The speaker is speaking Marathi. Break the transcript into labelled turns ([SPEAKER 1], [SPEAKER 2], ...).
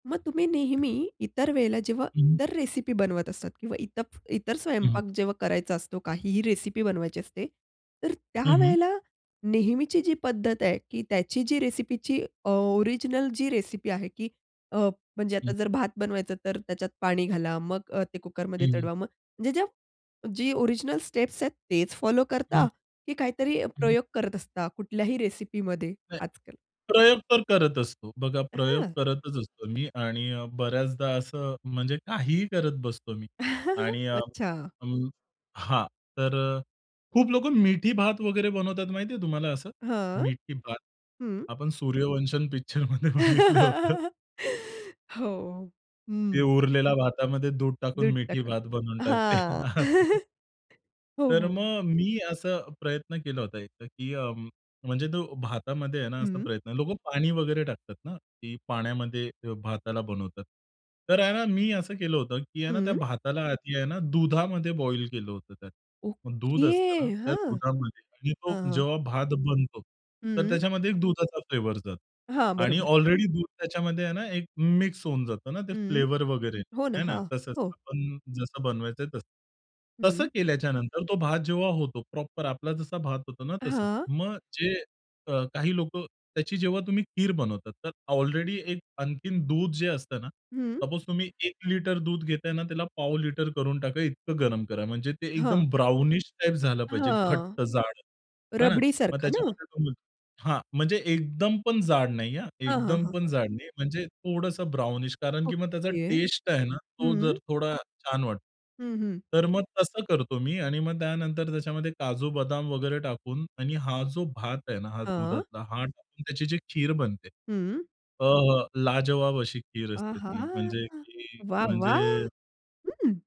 [SPEAKER 1] मग तुम्ही नेहमी इतर वेळेला जेव्हा
[SPEAKER 2] हं.
[SPEAKER 1] इतर रेसिपी बनवत असतात किंवा इतर इतर
[SPEAKER 2] हं.
[SPEAKER 1] स्वयंपाक जेव्हा करायचा असतो काहीही रेसिपी बनवायची असते, तर
[SPEAKER 2] हं, हं.
[SPEAKER 1] त्यावेळेला नेहमीची जी पद्धत आहे की त्याची जी रेसिपीची अ, ओरिजिनल जी रेसिपी आहे, की अ, म्हणजे
[SPEAKER 2] हं.
[SPEAKER 1] आता जर भात बनवायचा तर त्याच्यात पाणी घाला, मग अ, ते कुकरमध्ये
[SPEAKER 2] हं.
[SPEAKER 1] चढवा. मग म्हणजे ज्या जी ओरिजिनल स्टेप्स आहेत तेच फॉलो करता
[SPEAKER 2] हं.
[SPEAKER 1] की काहीतरी
[SPEAKER 2] हं, हं.
[SPEAKER 1] प्रयोग करत असता कुठल्याही रेसिपीमध्ये
[SPEAKER 2] ऐ.
[SPEAKER 1] आजकाल?
[SPEAKER 2] प्रयोग तर करत असतो. बघा प्रयोग
[SPEAKER 1] हं.
[SPEAKER 2] करतच असतो मी आणि अ, बऱ्याचदा असं म्हणजे काहीही करत बसतो मी आणि अ,
[SPEAKER 1] अच्छा.
[SPEAKER 2] अं हां, तर अ, खूप लोकं मिठी भात वगैरे बनवतात माहिती आहे तुम्हाला असं?
[SPEAKER 1] हां,
[SPEAKER 2] मीठी भात?
[SPEAKER 1] हं.
[SPEAKER 2] आपण सूर्यवंशम पिक्चरमध्ये बघितलं होतं.
[SPEAKER 1] हो,
[SPEAKER 2] ते
[SPEAKER 1] हं.
[SPEAKER 2] उरलेल्या भातामध्ये दूध टाकून
[SPEAKER 1] दूध
[SPEAKER 2] मिठी
[SPEAKER 1] टाकून.
[SPEAKER 2] भात बनवून टाकते.
[SPEAKER 1] हां.
[SPEAKER 2] असं.
[SPEAKER 1] हो,
[SPEAKER 2] तर
[SPEAKER 1] हो.
[SPEAKER 2] मग मी असा प्रयत्न केला होता एकदा, की अ, म्हणजे तो भातामध्ये आहे ना असा
[SPEAKER 1] हं.
[SPEAKER 2] प्रयत्न लोकं पाणी वगैरे टाकतात ना, की पाण्यामध्ये भाताला बनवतात. तर आहे ना मी असं केलं होतं, की आहे ना त्या
[SPEAKER 1] हं.
[SPEAKER 2] भाताला आधी आहे ना दुधामध्ये बॉईल केलं होतं त्यात. मग दूध
[SPEAKER 1] ओके.
[SPEAKER 2] असतं ना त्या
[SPEAKER 1] हां.
[SPEAKER 2] दुधामध्ये आणि तो
[SPEAKER 1] हां, हां.
[SPEAKER 2] जेव्हा भात बनतो, तर
[SPEAKER 1] हं.
[SPEAKER 2] त्याच्यामध्ये एक दुधाचा फ्लेवर जातो
[SPEAKER 1] हां,
[SPEAKER 2] आणि
[SPEAKER 1] बरोबर.
[SPEAKER 2] ऑलरेडी दूध त्याच्यामध्ये आहे ना एक मिक्स होऊन जातं ना ते
[SPEAKER 1] हं,
[SPEAKER 2] फ्लेवर वगैरे
[SPEAKER 1] हो ना.
[SPEAKER 2] आहे ना
[SPEAKER 1] हां,
[SPEAKER 2] तसंच.
[SPEAKER 1] हो.
[SPEAKER 2] आपण जसं बनवायचं आहे तसं. तसं
[SPEAKER 1] हं.
[SPEAKER 2] केल्याच्यानंतर तो भात जेव्हा होतो प्रॉपर आपला जसा भात होतो ना तसंच.
[SPEAKER 1] हां.
[SPEAKER 2] मग जे क काही लोकं त्याची जेव्हा तुम्ही खीर बनवतात तर ऑलरेडी एक आणखीन दूध जे असतं ना,
[SPEAKER 1] हं.
[SPEAKER 2] सपोज तुम्ही एक लिटर दूध घेताय ना त्याला पाव लिटर करून टाका इतकं गरम करा. म्हणजे ते
[SPEAKER 1] हां.
[SPEAKER 2] एकदम ब्राउनिश टाइप झालं पाहिजे.
[SPEAKER 1] हां,
[SPEAKER 2] घट्ट जाड आहे ना. मग
[SPEAKER 1] रबडीसारखा
[SPEAKER 2] त्याच्यामध्ये
[SPEAKER 1] ना?
[SPEAKER 2] [unintelligible] हां, म्हणजे एकदम पण जाड नाही हां,
[SPEAKER 1] हां, हां,
[SPEAKER 2] एकदम
[SPEAKER 1] हां,
[SPEAKER 2] पण
[SPEAKER 1] हां.
[SPEAKER 2] जाड नाही. म्हणजे थोडंसं ब्राउनिश कारण की मग त्याचा
[SPEAKER 1] ओके,
[SPEAKER 2] टेस्ट आहे ना तो
[SPEAKER 1] हं.
[SPEAKER 2] जर थोडा छान वाटतो.
[SPEAKER 1] हं, हं.
[SPEAKER 2] तर मग तसं करतो मी आणि मग त्यानंतर त्याच्यामध्ये काजू-बदाम वगैरे टाकून आणि हा जो भात आहे ना हा
[SPEAKER 1] हां.
[SPEAKER 2] दुधातला हा टाकून त्याची जी खीर बनते.
[SPEAKER 1] हं.
[SPEAKER 2] अ, लाजवाब अशी खीर
[SPEAKER 1] आ
[SPEAKER 2] असते
[SPEAKER 1] हा!
[SPEAKER 2] ती म्हणजे ती
[SPEAKER 1] वाह, वाह!
[SPEAKER 2] म्हणजे
[SPEAKER 1] हं.